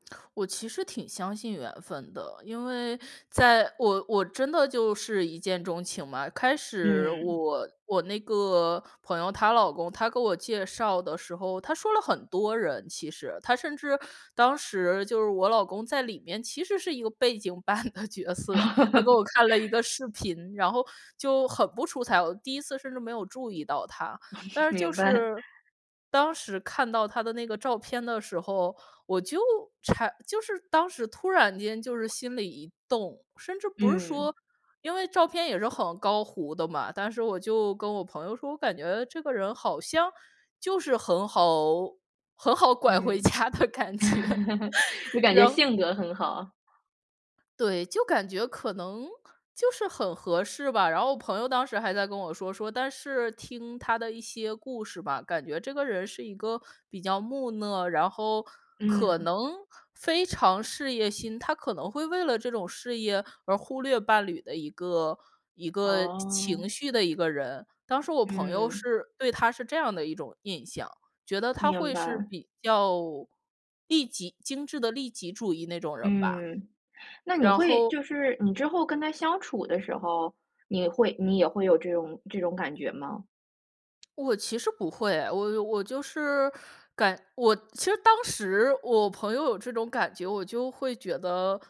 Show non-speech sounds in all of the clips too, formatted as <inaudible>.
<clicks tongue> 我其实挺相信缘分的，因为在我我真的就是一见钟情嘛。开始嗯。我我那个朋友她老公，他给我介绍的时候，他说了很多人其实，他甚至当时就是我老公在里面其实是一个背景板的角色。他给我看了一个 <chuckles> 视频，然后就很不出彩，我第1次甚至没有注意到他。但 <chuckles> 是就明白。是当时看到他的那个照片的时候，我就产就是当时突然间就是心里一动，甚至不是嗯。说因为照片也是很高糊的嘛。但是我就跟我朋友说，我感觉这个人好像就是很好很好拐回嗯，家的感觉。<chuckles> <chuckles> 就感觉然性格很好。对，就感觉可能就是很合适吧。然后我朋友当时还在跟我说，说但是听他的一些故事吧，感觉这个人是一个比较木讷，然后可嗯。能非常事业心，他可能会为了这种事业而忽略伴侣的一个，一个情哦。情绪的一个人。当时我朋友嗯。是对他是这样的一种印象，觉得他明会是白。比较利己，精致的利己主义那种人吧，嗯，那你然会后就是你之后跟他相处的时候，你会你也会有这种这种感觉吗？我其实不会，我我就是感我其实当时我朋友有这种感觉，我就会觉得，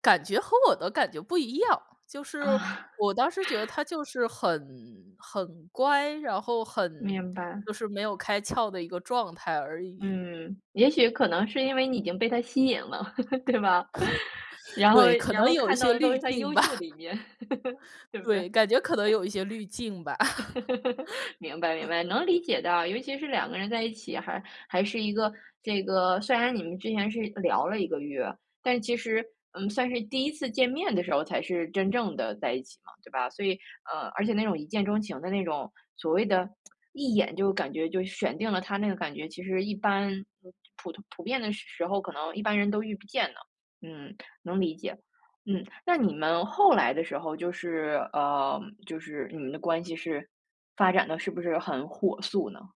感觉和我的感觉不一样。就是，啊。我当时觉得 <chuckles> 他就是很很乖，然后很明白。就是没有开窍的一个状态而已。嗯，也许可能是因为你已经被他吸引了，<chuckles> 对吗？<chuckles> 然后对，可然能后有一看到些的都滤是他镜优吧。秀的一面。<chuckles> 对不对？对，感觉可能有一些滤镜吧。<laughs> 明白，明 <laughs> 白，能理解的，尤其是2个人在一起，还还是一个这个虽然你们之前是聊了1个月，但其实，嗯，算是第1次见面的时候才是真正地在一起嘛，对吧？所以呃，而且那种一见钟情的那种所谓的 <tsk> 一眼就感觉就选定了他那个感觉，其实一般普通普遍的时时候可能一般人都遇不见呢。嗯，能理解。嗯，那你们后来的时候就是呃，就是你们的关系是发展得是不是很火速呢？